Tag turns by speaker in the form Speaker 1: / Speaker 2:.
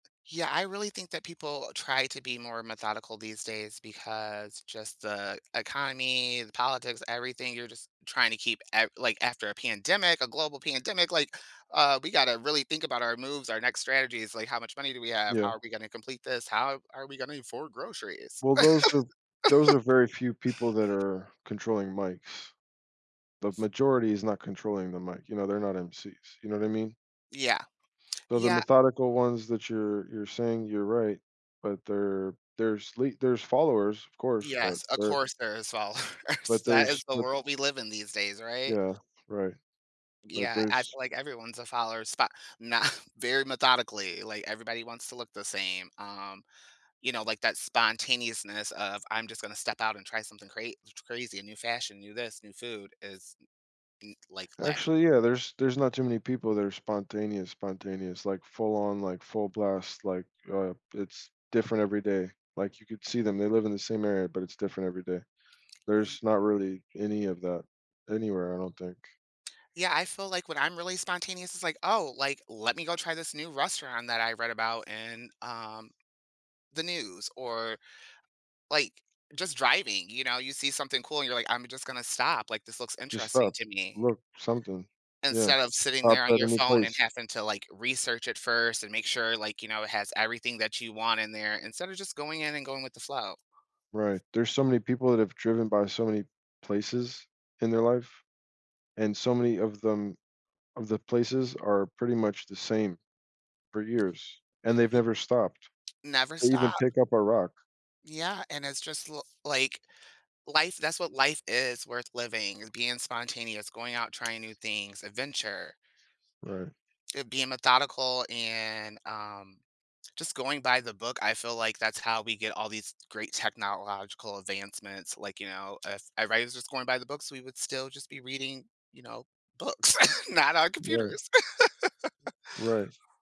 Speaker 1: Yeah, I really think that people try to be more methodical these days because just the economy, the politics, everything, you're just trying to keep ev like after a pandemic, a global pandemic, like, uh, we gotta really think about our moves, our next strategies, like, how much money do we have? How
Speaker 2: Yeah.
Speaker 1: are we gonna complete this? How are we gonna afford groceries?
Speaker 2: Well, those are those are very few people that are controlling mics. The majority is not controlling the mic, you know, they're not MCs, you know what I mean?
Speaker 1: Yeah.
Speaker 2: So the
Speaker 1: Yeah.
Speaker 2: methodical ones that you're you're saying you're right, but there there's le there's followers, of course, but
Speaker 1: Yes, of
Speaker 2: they're
Speaker 1: course there is followers.
Speaker 2: but
Speaker 1: That is
Speaker 2: there's,
Speaker 1: the
Speaker 2: but
Speaker 1: world we live in these days, right?
Speaker 2: Yeah, right. But
Speaker 1: Yeah, I
Speaker 2: there's
Speaker 1: feel like everyone's a follower, spa nah, very methodically, like, everybody wants to look the same, um, you know, like that spontaneousness of I'm just gonna step out and try something cra t crazy, a new fashion, new this, new food is n n like, lacking.
Speaker 2: Actually, yeah, there's there's not too many people that are spontaneous, spontaneous, like, full on, like, full blast, like, uh, it's different every day, like, you could see them, they live in the same area, but it's different every day.
Speaker 1: Ye
Speaker 2: There's not really any of that anywhere, I don't think.
Speaker 1: Yeah, I feel like when I'm really spontaneous, it's like, "Oh, like, let me go try this new restaurant that I read about in, um, the news" or, like, just driving, you know, you see something cool and you're like, "I'm just gonna stop, like, this looks
Speaker 2: Just
Speaker 1: interesting
Speaker 2: stop,
Speaker 1: to me."
Speaker 2: look something, yeah,
Speaker 1: Instead of sitting
Speaker 2: pop
Speaker 1: there on
Speaker 2: at
Speaker 1: your
Speaker 2: any
Speaker 1: phone and
Speaker 2: place.
Speaker 1: having to like research it first and make sure like, you know, it has everything that you want in there instead of just going in and going with the flow.
Speaker 2: Right, there's so many people that have driven by so many places in their life, and so many of them of the places are pretty much the same for
Speaker 1: Y
Speaker 2: years, and they've
Speaker 1: y
Speaker 2: never stopped.
Speaker 1: Never
Speaker 2: They
Speaker 1: stop.
Speaker 2: even pick up a rock.
Speaker 1: Yeah, and it's just l like, life that's what life is worth living, is being spontaneous, going out, trying new things, adventure.
Speaker 2: Right.
Speaker 1: Uh, being methodical and, um, just going by the book, I feel like that's how we get all these great technological advancements, like, you know, if everybody was just going by the books, we would still just be reading, you know, books, not on
Speaker 2: Well
Speaker 1: computers.
Speaker 2: Right.